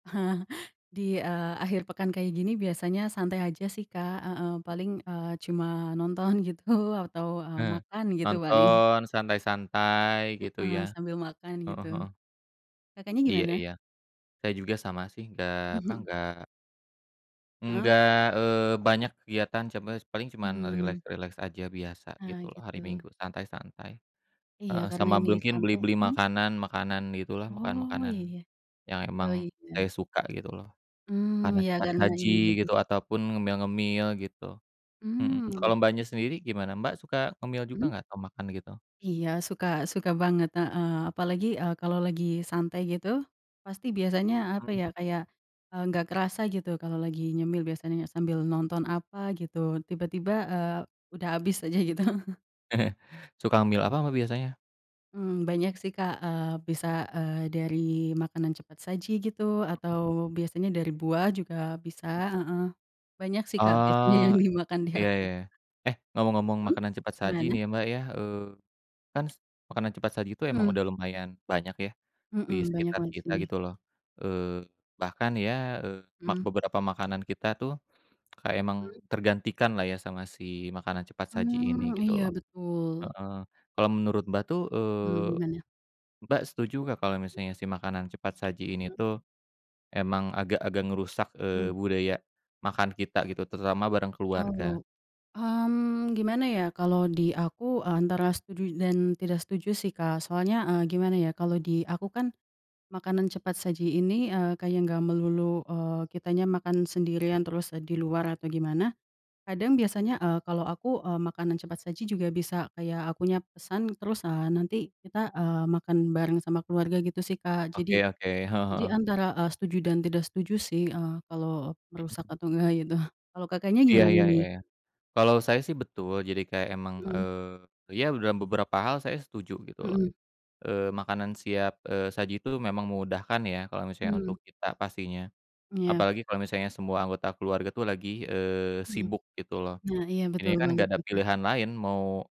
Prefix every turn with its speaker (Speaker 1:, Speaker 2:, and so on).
Speaker 1: Heeh. Di, eee, akhir pekan kayak gini biasanya santai aja sih Kak, heeh, paling, eee, cuma nonton gitu atau, eee,
Speaker 2: Nah,
Speaker 1: makan gitu paling.
Speaker 2: nonton, santai-santai, gitu
Speaker 1: Heeh,
Speaker 2: ya.
Speaker 1: sambil makan
Speaker 2: Heeh
Speaker 1: gitu.
Speaker 2: heeh.
Speaker 1: Kakaknya
Speaker 2: Iya
Speaker 1: gimana?
Speaker 2: iya. Saya juga sama sih, nggak, apa,
Speaker 1: Mhm.
Speaker 2: nggak
Speaker 1: Heeh.
Speaker 2: nggak, eee, banyak kegiatan, coba paling cuma
Speaker 1: Mhm.
Speaker 2: rileks-rileks aja, biasa
Speaker 1: Ah
Speaker 2: gitu loh, hari
Speaker 1: gitu.
Speaker 2: Minggu santai-santai.
Speaker 1: Iya
Speaker 2: Heeh,
Speaker 1: karena
Speaker 2: sama
Speaker 1: ini
Speaker 2: mungkin
Speaker 1: santai
Speaker 2: beli-beli
Speaker 1: mhm?
Speaker 2: makanan, makanan gitu lah,
Speaker 1: Oh
Speaker 2: makanan-makanan
Speaker 1: iya.
Speaker 2: yang
Speaker 1: Oh
Speaker 2: emang
Speaker 1: iya.
Speaker 2: saya suka gitu loh.
Speaker 1: Mmm,
Speaker 2: Makanan
Speaker 1: iya
Speaker 2: cepat
Speaker 1: karena
Speaker 2: saji
Speaker 1: ini lagi.
Speaker 2: gitu, ataupun ngemil-ngemil, gitu. Mhm
Speaker 1: Mmm.
Speaker 2: kalau Mbaknya sendiri gimana Mbak, suka ngemil juga
Speaker 1: Mmm.
Speaker 2: nggak atau makan gitu?
Speaker 1: Iya suka suka banget, heeh. Apalagi, eee, kalo lagi santai gitu, pasti biasanya apa
Speaker 2: Mhm.
Speaker 1: ya, kayak, eee, nggak kerasa gitu kalo lagi nyemil biasanya, sambil nonton apa gitu, tiba-tiba, eee, udah habis aja gitu.
Speaker 2: Suka ngemill apa Mbak biasanya?
Speaker 1: Mmm, banyak sih Kak, eee, bisa, eee, dari makanan cepat saji gitu,
Speaker 2: Mhm.
Speaker 1: atau biasanya dari buah juga bisa heeh. Banyak sih Kak biasanya yang
Speaker 2: Oh,
Speaker 1: dimakan di
Speaker 2: iya
Speaker 1: aku.
Speaker 2: iya. Eh, ngomong-ngomong
Speaker 1: Mhm,
Speaker 2: makanan cepat saji nih
Speaker 1: gimana?
Speaker 2: ya Mbak ya, eee, kan makanan cepat saji itu emang
Speaker 1: Mmm.
Speaker 2: udah lumayan banyak ya, di
Speaker 1: Mhm, banyak
Speaker 2: sekitar
Speaker 1: banget sih
Speaker 2: kita
Speaker 1: nih.
Speaker 2: gitu loh. Eee, bahkan ya, eee, mak
Speaker 1: Mmm.
Speaker 2: beberapa makanan kita tuh, kayak emang
Speaker 1: Mmm.
Speaker 2: tergantikan lah ya, sama si makanan cepat saji ini,
Speaker 1: Mmm,
Speaker 2: gitu
Speaker 1: iya
Speaker 2: loh.
Speaker 1: betul.
Speaker 2: Heeh, kalau menurut Mbak tuh,
Speaker 1: Mmm,
Speaker 2: eee,
Speaker 1: gimana?
Speaker 2: Mbak setuju nggak kalau misalnya si makanan cepat saji ini
Speaker 1: Mmm.
Speaker 2: tuh, emang agak-agak ngerusak, eee,
Speaker 1: Mmm.
Speaker 2: budaya makan kita gitu, terutama bareng keluarga?
Speaker 1: Oh. Mmm, gimana ya kalau di aku antara setuju dan tidak setuju sih Kak, soalnya, eee, gimana ya kalau di aku kan, makanan cepat saji ini eee, kayak nggak melulu, eee, kitanya makan sendirian terus di luar atau gimana, kadang biasanya, eee, kalau aku, eee, makanan cepat saji juga bisa kayak aku nya pesan terus, eee, nanti kita, eee, makan bareng sama keluarga gitu sih Kak. Jadi
Speaker 2: Oke oke. Heeh
Speaker 1: jadi
Speaker 2: heeh.
Speaker 1: antara, eee, setuju dan tidak setuju sih, eee, kalau merusak
Speaker 2: Mhm.
Speaker 1: atau enggaknya gitu. Kalau Kakaknya
Speaker 2: Iya
Speaker 1: gimana
Speaker 2: ya ya ya
Speaker 1: nih?
Speaker 2: ya. Kalau saya sih betul, jadi kayak emang,
Speaker 1: Mhm.
Speaker 2: eee, ya dalam beberapa hal saya setuju gitu loh,
Speaker 1: Mhm.
Speaker 2: eee, makanan siap, eee, saji itu memang memudahkan ya, kalau misalnya
Speaker 1: Mhm.
Speaker 2: untuk kita pastinya.
Speaker 1: Iya.
Speaker 2: Apalagi kalau misalnya semua anggota keluarga tuh lagi, eee,
Speaker 1: Mhm.
Speaker 2: sibuk gitu loh.
Speaker 1: Nah iya
Speaker 2: Ini
Speaker 1: betul
Speaker 2: kan
Speaker 1: banget
Speaker 2: nggak ada
Speaker 1: tuh Kak.
Speaker 2: pilihan lain mau